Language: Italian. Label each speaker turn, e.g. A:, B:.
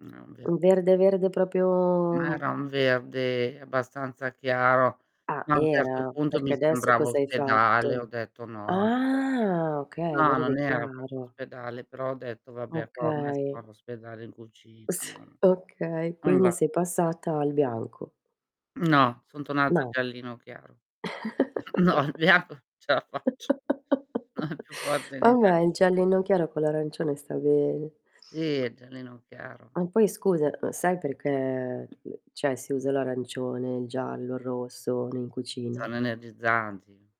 A: Ah, beh.
B: U verde, verde,
A: Ma
B: proprio
A: era un verde abbastanza chiaro,
B: Ah,
A: ma a un certo
B: era?
A: punto
B: Perché
A: mi
B: adesso
A: sembrava
B: cosa hai
A: ospedale, ho
B: fatto?
A: detto: "No, anche l'ospeda"
B: Ah, okay,
A: no,
B: verde
A: non era proprio
B: chiaro.
A: ospedale, però ho detto: "Vabbè,
B: Okay.
A: [unintelligible] ospedale in
B: Uhm, s
A: cucina"
B: okay,
A: non
B: quindi
A: va.
B: sei passata al bianco.
A: No, son tornata
B: No.
A: giallino chiaro. No, le ap ce la faccio No, è più forte di me.
B: Vabbè, il giallino chiaro con l'arancione sta bene.
A: Sì, è giallino chiaro.
B: Ma poi, scusa, uhm, sai perché cioè, si usa l'arancione, il giallo, il rosso in cucina?
A: Sono energizzanti.